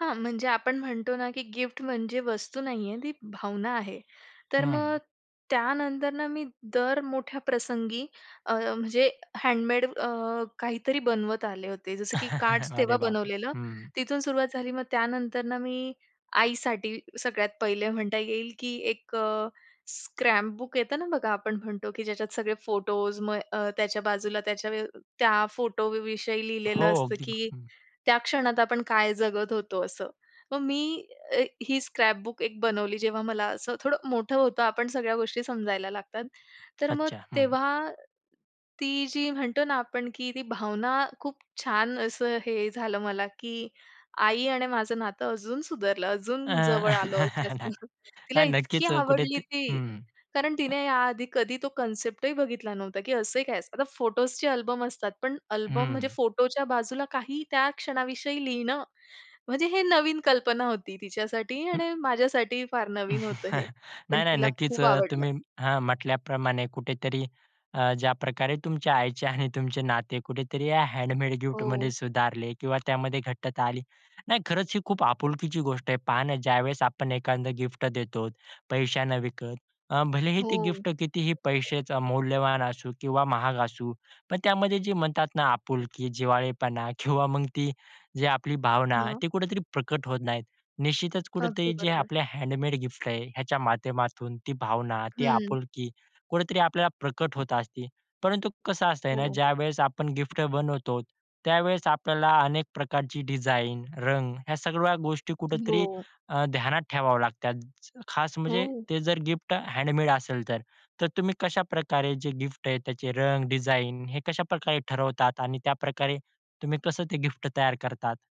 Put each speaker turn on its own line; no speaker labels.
हां, म्हणजे आपण म्हणतो ना की गिफ्ट म्हणजे वस्तू नाही आहे, ती भावना आहे. तर मग
हं.
त्यानंतर ना मी दर मोठ्या प्रसंगी अ, म्हणजे हँडमेड अ, काहीतरी बनवत आले होते. जसं की कार्ड्स
अरे
तेव्हा
बापरे!
बनवलेलं.
हं.
तिथून सुरुवात झाली, मग त्यानंतर ना मी आईसाठी सगळ्यात पहिले म्हणता येईल की एक अ, स्क्रॅपबुक येतं ना बघा, आपण म्हणतो की ज्याच्यात सगळे फोटोस, मग अ, त्याच्या बाजूला त्याच्या व्य अ, त्या फोटोविषयी
हो,
लिहिलेलं असतं
अगदी.
की
हं.
त्या क्षणात आपण काय जगत होतो? असं. मग मी अ, ही स्क्रॅपबुक एक बनवली, जेव्हा मला असं थोडं मोठं होतं, आपण सगळ्या गोष्टी समजायला लागतात. तर मग
अच्छा! हं.
तेव्हा, ती जी म्हणतो ना आपण की ती भावना खूप छान असं हे झालं मला की आई आणि माझं नातं अजून सुधारलं,
अ,
अजून जवळ आलो जास्त. तिला
नाही
इतकी
नक्कीच
आवडली
कुठेत
ती.
हं.
कारण
अ
तिने या आधी कधी तो कन्सेप्टही बघितला नव्हता की असं ही काय असतं. आता फोटोसचे अल्बम असतात पण अल्बम, म्हणजे
हं.
फोटोच्या बाजूला काही त्या क्षणाविषयी लिहिणं? म्हणजे हे नवीन कल्पना होती तिच्यासाठी
हं.
आणि माझ्यासाठी ही फार नवीन होतं हे. पण
नाही, नाही,
तिला
नक्कीच.
खूप
अ,
आवडलं.
तुम्ही हां. म्हटल्याप्रमाणे कुठेतरी अ, ज्याप्रकारे तुमच्या आईचे आणि तुमचे नाते कुठेतरी या हँडमेड गिफ्टमध्ये
हो.
सुधारले किंवा त्यामध्ये घट्टता आली. नाही, खरंच ही खूप आपुलकीची गोष्ट आहे. पहा ना ज्यावेळेस आपण एखांद गिफ्ट देतो, पैशानं विकत. अ, भलेही ते
हो.
गिफ्ट कितीही पैश्याचं मौल्यवान असू किंवा महाग असू. पण त्यामध्ये जे म्हणतात ना आपुलकी, जिव्हाळेपणा किंवा मग ती जे आपली भावना,
हां.
ती कुठेतरी प्रकट होत नाहीत. निश्चितच
अगदी
कुठेतरी जे
बरोबर.
आपले हँडमेड गिफ्ट आहे. ह्याच्या माध्यमातून ती भावना, ती
हं.
आपुलकी, कुठेतरी आपल्याला प्रकट होत असते. परंतु कसं असतं आहे ना?
हो.
ज्यावेळेस आपण गिफ्ट बनवतो, त्यावेळेस आपल्याला अनेक प्रकारची डिझाइन, रंग ह्या सगळ्या गोष्टी कुठेतरी
हो.
अ, ध्यानात ठेवावे लागतात. खास म्हणजे
हो.
ते जर गिफ्ट हँडमेड असेल तर. तर तुम्ही कशाप्रकारे जे गिफ्ट आहे, त्याचे रंग, डिझाइन हे कशाप्रकारे ठरवतात? आणि त्याप्रकारे तुम्ही कसं ते गिफ्ट तयार करतात?